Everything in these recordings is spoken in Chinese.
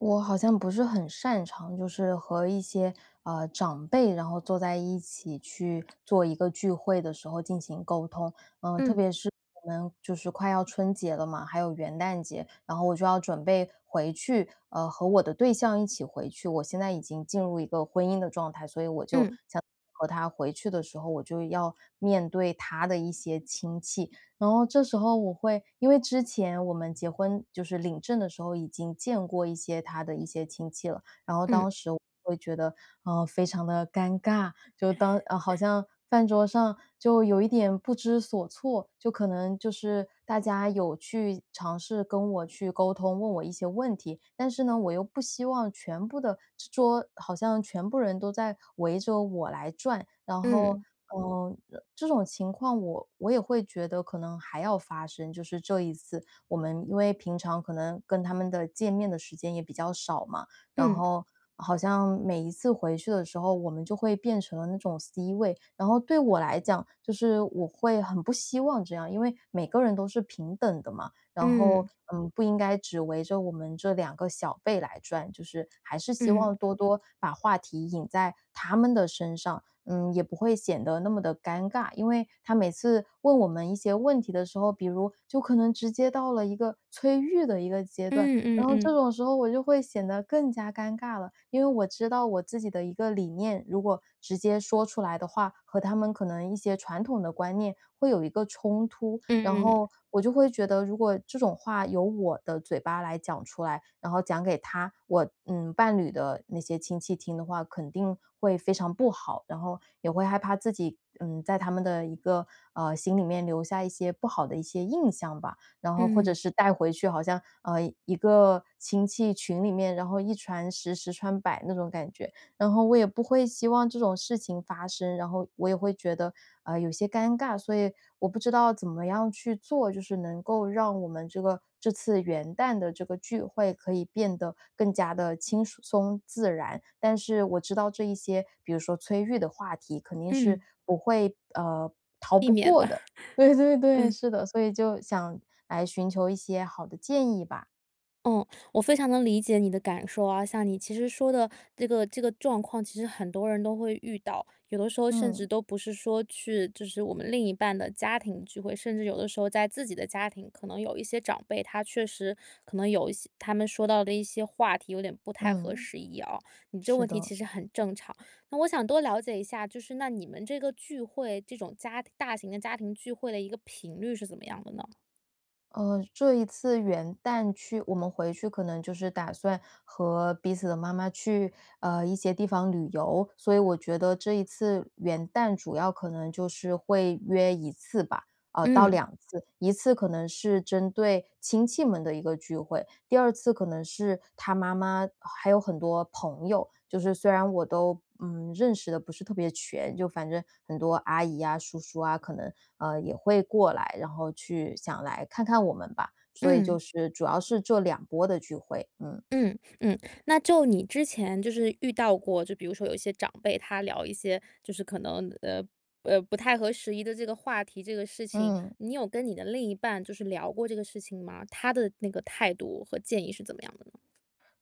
我好像不是很擅长就是和一些，呃，长辈，然后坐在一起去做一个聚会的时候进行沟通。呃，特嗯。别是我们就是快要春节了嘛，还有元旦节，然后我就要准备回去呃，和我的对象一起回去。我现在已经进入一个婚姻的状态，所以我就嗯。想 [unintelligible] 和他回去的时候，我就要面对他的一些亲戚。然后这时候我会因为之前我们结婚就是领证的时候已经见过一些他的一些亲戚了，然后嗯。当时我会觉得，嗯，非常地尴尬，就当嗯，好像饭桌上就有一点不知所措，就可能就是大家有去尝试跟我去沟通，问我一些问题，但是呢，我又不希望全部的桌桌好像全部人都在围着我来转。然后，嗯。呃，这种情况我我也会觉得可能还要发生，就是这一次，我们因为平常可能跟他们的见面的时间也比较少嘛，然嗯。后好像每一次回去的时候，我们就会变成了那种 C 位。然后对我来讲，就是我会很不希望这样。因为每个人都是平等的嘛，然后，嗯。嗯，不应该只围着我们这两个小辈来转，就是还是希嗯。望多多把话题引在他们的身上，嗯，也不会显得那么地尴尬。因为他每次问我们一些问题的时候，比如就可能直接到了一个催育的一个阶段，嗯嗯然后这嗯。种时候我就会显得更加尴尬了。因为我知道我自己的一个理念，如果直接说出来的话，和他们可能一些传统的观念会有一个冲突。然嗯。后我就会觉得如果这种话由我的嘴巴来讲出来，然后讲给他我，嗯，伴侣的那些亲戚听的话，肯定会非常不好，然后也会害怕自己，嗯，在他们的一个，啊，心里面，呃，留下一些不好的一些印象吧。然后或者嗯。是带回去好像嗯，一个亲戚群里面，然后一传十十传百那种感觉，然后我也不会希望这种事情发生，然后我也会觉得，啊，有些尴尬。所以我不知道怎么样去做，就是能够让我们这个这次元旦的这个聚会可以变得更加地轻舒松自然。但是我知道这一些，比如说催育的话题肯定是嗯。不会呃，逃避不免过了，的。对对-对，嗯。是的，所以就想来寻求一些好的建议吧。嗯，我非常能理解你的感受啊。像你其实说的这个这个状况，其实很多人都会遇到。有的时候甚至嗯。都不是说去就是我们另一半的家庭聚会，甚至有的时候在自己的家庭，可能有一些长辈，他确实可能有一些他们说到的一些话题，有点不太合嗯。时宜啊。你这个是问题其的。实很正常，那我想多了解一下，就是那你们这个聚会，这种家庭大型的家庭聚会的一个频率是怎么样的呢？呃，这一次元旦去我们回去可能就是打算和彼此的妈妈去，呃，一些地方旅游。所以我觉得这一次元旦主要可能就是会约1次吧，哦，到嗯。2次。一次可能是针对亲戚们的一个聚会，第二次可能是他妈妈，还有很多朋友，就是虽然我都，嗯，认识得不是特别全，就反正很多阿姨啊叔叔啊，可能，呃，也会过来，然后去想来看看我们吧。所以就嗯。是主要是这波的聚会。嗯。嗯，嗯，那就你之前就是遇到过，就比如说有一些长辈，他聊一些就是可能，呃，呃，不太合时宜的这个话题，这个事情，嗯。你有跟你的另一半就是聊过这个事情吗？他的那个态度和建议是怎么样的呢？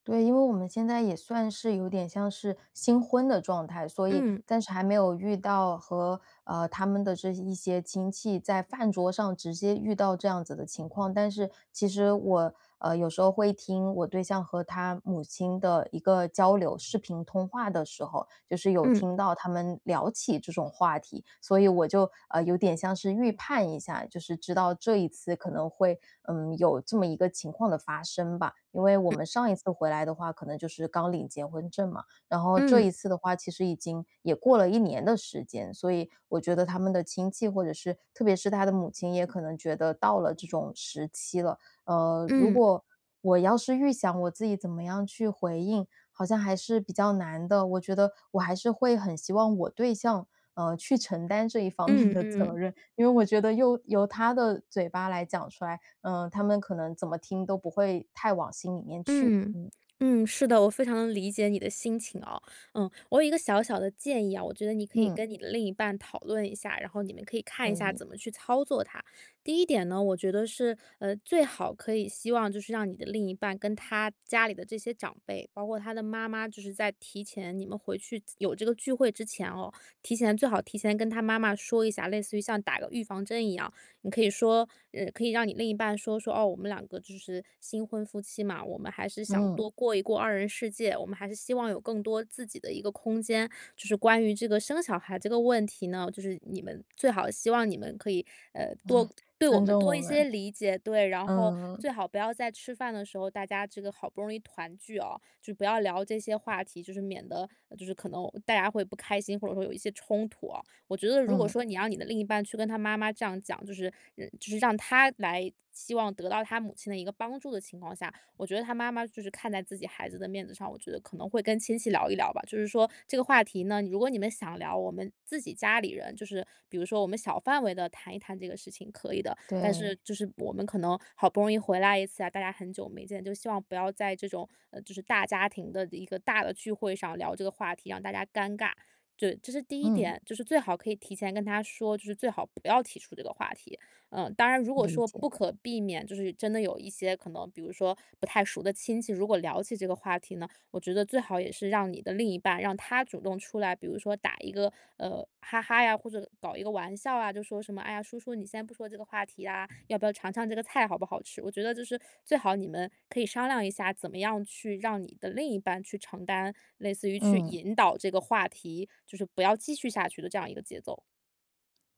对，因为我们现在也算是有点像是新婚的状态，所以嗯。暂时还没有遇到和，呃，他们的这一些亲戚在饭桌上直接遇到这样子的情况。但是其实我，呃，有时候会听我对象和他母亲的一个交流，视频通话的时候。就是有嗯。听到他们聊起这种话题，所以我就，呃，有点像是预判一下，就是知道这一次可能会，嗯，有这么一个情况的发生吧。因为我嗯。们上一次回来的话，可能就是刚领结婚证嘛。然后这嗯。一次的话，其实已经也过了1年的时间，所以我觉得他们的亲戚或者是特别是他的母亲，也可能觉得到了这种时期了。呃，如嗯。果我要是预想我自己怎么样去回应，好像还是比较难的。我觉得我还是会很希望我对象，呃，去承担这一方面嗯的责嗯。任。因为我觉得又由他的嘴巴来讲出来，呃，他们可能怎么听都不会太往心里面去。嗯，嗯。嗯，是的，我非常理解你的心情啊。呃，我有一个小小的建议啊，我觉得你可以嗯。跟你的另一半讨论一下，然后你们可以看一可下以。怎么去操作它。第一点呢，我觉得是，呃，最好可以希望就是让你的另一半跟他家里的这些长辈，包括他的妈妈，就是在提前你们回去有这个聚会之前哦，提前最好提前跟他妈妈说一下，类似于像打个预防针一样。你可以说呃，可以让你另一半说，说，哦，我们两个就是新婚夫妻嘛，我们还是想嗯。多过一过二人世界，我们还是希望有更多自己的一个空间。就是关于这个生小孩这个问题呢，就是你们最好希望你们可以，呃，多 对我尊们重多我一些们，理解，对。然后嗯。最好不要在吃饭的时候，大家这个好不容易团聚哦，就不要聊这些话题，就是免得就是可能大家会不开心，或者说有一些冲突哦。我觉得如果嗯。说你让你的另一半去跟他妈妈这样讲，就是呃，就是让他来，希望得到他母亲的一个帮助的情况下，我觉得他妈妈就是看在自己孩子的面子上，我觉得可能会跟亲戚聊一聊吧。就是说这个话题呢，如果你们想聊，我们自己家里人就是比如说我们小范围地谈一谈这个事情可以的。但是对。就是我们可能好不容易回来一次啊，大家很久没见，就希望不要在这种呃，就是大家庭的一个大的聚会上聊这个话题，让大家尴尬。就，这是第一嗯。点，就是最好可以提前跟她说，就是最好不要提出这个话题，嗯。当然如果理说解。不可避免，就是真的有一些可能比如说不太熟的亲戚，如果聊起这个话题呢，我觉得最好也是让你的另一半，让他主动出来，比如说打一个，呃，哈哈呀，或者搞一个玩笑啊，就说什么，哎呀，叔叔，你先不说这个话题啊，要不要尝尝这个菜好不好吃？我觉得就是最好你们可以商量一下，怎么样去让你的另一半去承担类似于去嗯。引导这个话题，就是不要继续下去的这样一个节奏。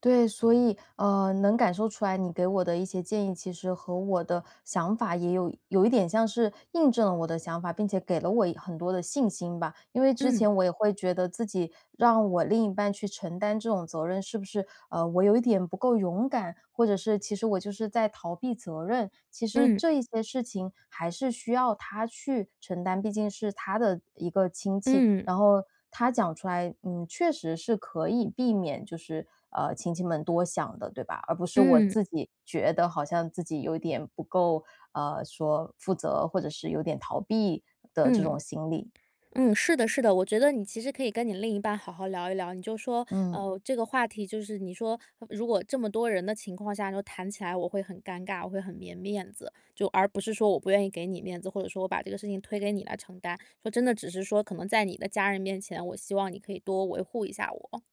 对，所以，呃，能感受出来你给我的一些建议，其实和我的想法也有有一点像是印证了我的想法，并且给了我一很多的信心吧。因为之嗯。前我也会觉得，自己让我另一半去承担这种责任，是不是，呃，我有一点不够勇敢？或者是其实我就是在逃避责任？其实嗯。这一些事情还是需要他去承担，毕竟是他的一个亲戚。嗯。然后他讲出来，嗯，确实是可以避免就是，呃，亲戚们多想的，对吧？而不是我嗯。自己觉得好像自己有一点不够，呃，说负责或者是有点逃避的这嗯。种心理。嗯，是的是的，我觉得你其实可以跟你另一半好好聊一聊。你就说，嗯。呃，这个话题就是你说，如果这么多人的情况下，就谈起来我会很尴尬，我会很没面子。就而不是说我不愿意给你面子，或者说我把这个事情推给你来承担。说真的，只是说可能在你的家人面前，我希望你可以多维护一下我。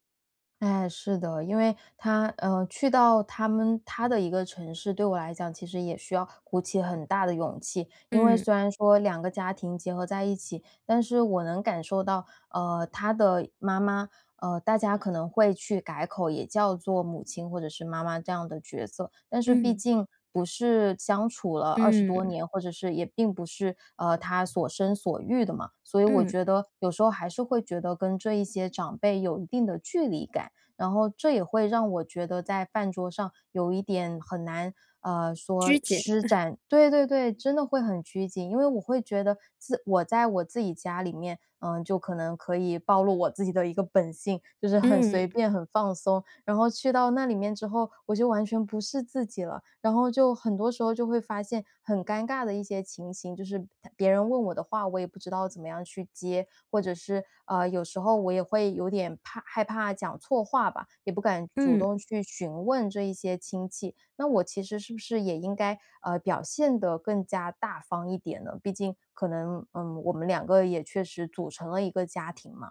哎，是的。因为他呃，去到他们他的一个城市，对我来讲其实也需要鼓起很大的勇气。因为嗯。虽然说两个家庭结合在一起，但是我能感受到，呃，他的妈妈，呃，大家可能会去改口，也叫做母亲或者是妈妈这样的角色。但是毕嗯。竟不是相处了20多嗯。年，或者是也并不是，呃，她所生所育的嘛。所以我嗯。觉得有时候还是会觉得跟这一些长辈有一定的距离感，然后这也会让我觉得在饭桌上有一点很难，呃，拘说谨。施 展对对对，真的会很拘谨。因为我会觉得，自我在我自己家里面，呃，就可能可以暴露我自己的一个本性，就是很嗯。随便、很放松。然后去到那里面之后，我就完全不是自己了，然后就很多时候就会发现，很尴尬的一些情形。就是别人问我的话，我也不知道怎么样去接，或者是，啊，有时候我也会有点怕害怕讲错话吧，也不敢主嗯。动去询问这一些亲戚。那我其实是不是也应该，呃，表现得更加大方一点呢？毕竟可能，嗯，我们2个也确实组成了一个家庭嘛。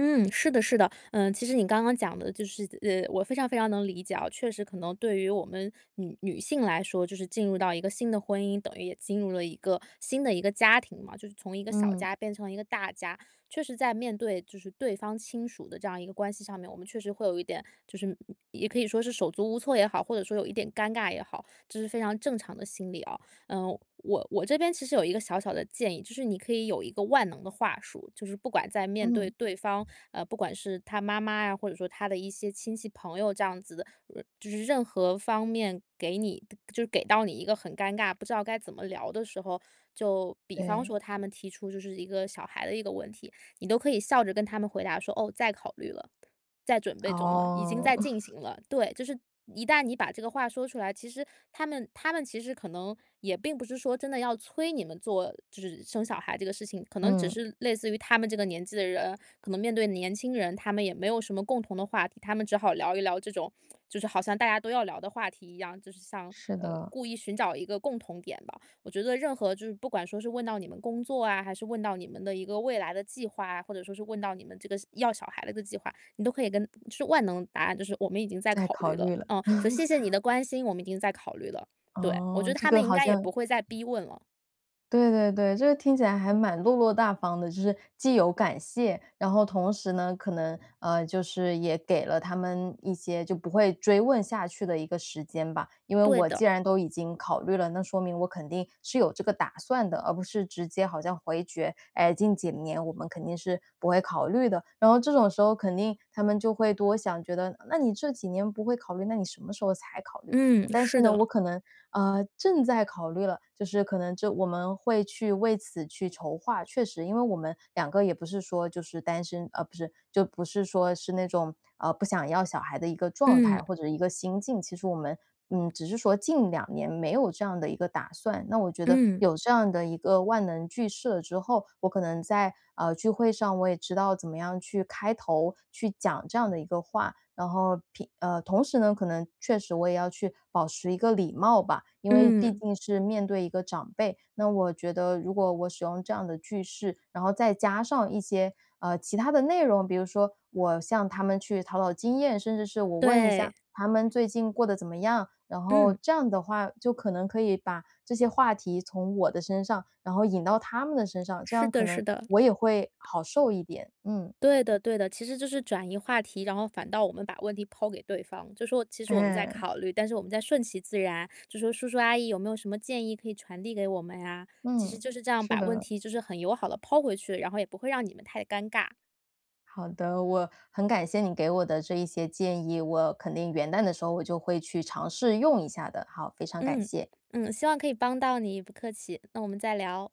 嗯，是的是的。呃，其实你刚刚讲的就是呃，我非常非常能理解啊。确实可能对于我们女女性来说，就是进入到一个新的婚姻，等于也进入了一个新的一个家庭嘛，就是从一个小嗯。家变成了一个大家。确实在面对就是对方亲属的这样一个关系上面，我们确实会有一点，就是，嗯，也可以说是手足无措也好，或者说有一点尴尬也好，这是非常正常的心理哦。呃，我我这边其实有一个小小的建议，就是你可以有一个万能的话术，就是不管在面对嗯。对方，呃，不管是他妈妈呀，或者说他的一些亲戚朋友这样子的，呃，就是任何方面给你的就是给到你一个很尴尬、不知道该怎么聊的时候，就比方对。说他们提出就是一个小孩的一个问题，你都可以笑着跟他们回答说：”哦，在考虑了，在准备中了，已经哦。在进行 了。“对，就是一旦你把这个话说出来，其实他们他们其实可能也并不是说真的要催你们做就是生小孩这个事情，可能只嗯。是类似于他们这个年纪的人，可能面对年轻人，他们也没有什么共同的话题，他们只好聊一聊这种，就是好像大家都要聊的话题一样，就是像，是呃，的。故意寻找一个共同点吧。我觉得任何就是不管说是问到你们工作啊，还是问到你们的一个未来的计划啊，或者说是问到你们这个要小孩子的计划，你都可以跟嗯，是万能答案，就是“我们已经在在考考虑了”。虑了。嗯，说“谢 谢你的关心，我们已经在考虑了”。对，我觉哦，得这他们个应好该也像不会再逼问了。对对对，这个听起来还蛮落落大方的。就是既有感谢，然后同时呢，可能，呃，就是也给了他们一些就不会追问下去的一个时间吧。因为对我的。既然都已经考虑了，那说明我肯定是有这个打算的，而不是直接好像回绝，“哎，近几年我们肯定是不会考虑的”。然后这种时候肯定他们就会多想，觉得那你这几年不会考虑，那你什么时候才考虑？嗯，嗯，但是是呢，的。我可能，啊，正在考虑了，就是可能就我们会去为此去筹划。确实因为我们两个也不是说就是单身啊，不是，就不是说是那种，呃，不想要小孩的一个状嗯。态，或者一个心境。其实我们，嗯，只是说近两年没有这样的一个打算。那我觉得，嗯。有这样的一个万能句式了之后，我可能在，啊，聚会上我也知道怎么样去开头，去讲这样的一个话。然后，平呃，同时呢，可能确实我也要去保持一个礼貌吧，因为毕嗯。竟是面对一个长辈，那我觉得如果我使用这样的句式，然后再加上一些，呃，其他的内容，比如说我向他们去讨讨经验，甚至是我问一下对。他们最近过得怎么样。然后嗯。这样的话，就可能可以把这些话题从我的身上，然后引到他们的身上，这是样可的是能的。我也会好受一点。嗯。对的对的，其实就是转移话题。然后反倒我们把问题抛给对方，就说“其实我们在嗯。考虑，但是我们在顺其自然。”就说“叔叔阿姨有没有什么建议，可以传递给我们啊？”其实嗯，就是这样是把问的。题就是很友好地抛回去，然后也不会让你们太尴尬。好的，我很感谢你给我的这一些建议，我肯定元旦的时候我就会去尝试用一下的。好，非常感嗯，谢。嗯，希望可以帮到你，不客气，那我们再聊。